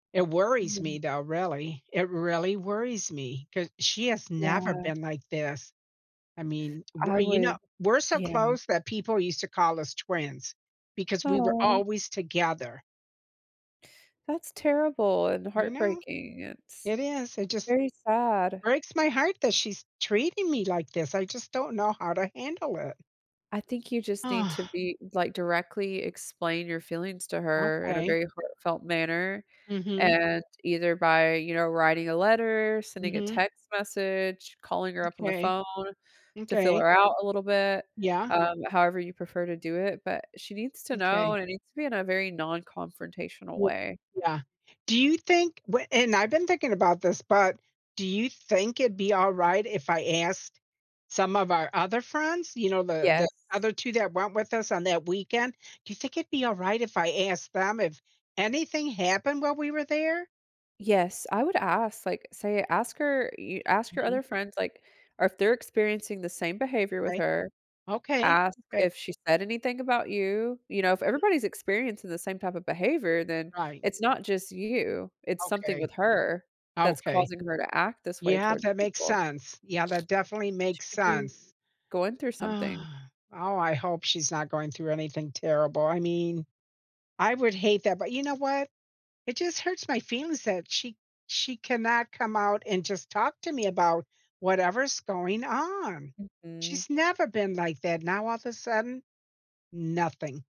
It worries [unintelligible] me though, really, it really worries me, 'cause she has never Yeah. been like this. I mean, we're I you know, would we're so Yeah. close that people used to call us twins because we were Awe. always together. That's terrible and I know. heartbreaking, it's It is, it just very sad. breaks my heart that she's treating me like this, I just don't know how to handle it. I think you just need to be like, directly explain your feelings to her in a Okay. very heartfelt manner, Mhm. and either by, you know, writing a letter, sending a Mhm. text message, calling her up on the M'kay. phone to feel M'kay. her out a little bit, Yeah? um, however you prefer to do it, but she needs to know, M'kay. and it needs to be in a very non-confrontational W way. yeah, do you think wh and I've been thinking about this, but do you think it'd be alright if I asked some of our other friends? You know, the the Yes. other 2 that went with us on that weekend, do you think it'd be alright if I asked them if anything happened while we were there? Yes, I would ask, like, say ask her y ask your Mhm. other friends, like or if they're experiencing the same behavior with Right. her, Okay, ask okay. if she said anything about you, you know, if [unintelligible] everybody's experiencing the same type of behavior, then Right. it's not just you, it's something Okay. with her that's Okay. causing her to act this way Yeah, towards that makes people. sense, yeah, that definitely She makes could be sense. going through something. Oh, I hope she's not going through anything terrible, I mean, I would hate that, but you know what? It just hurts my feelings that she she cannot come out and just talk to me about whatever's going on. Mhm. She's never been like that, now all of a sudden, nothing.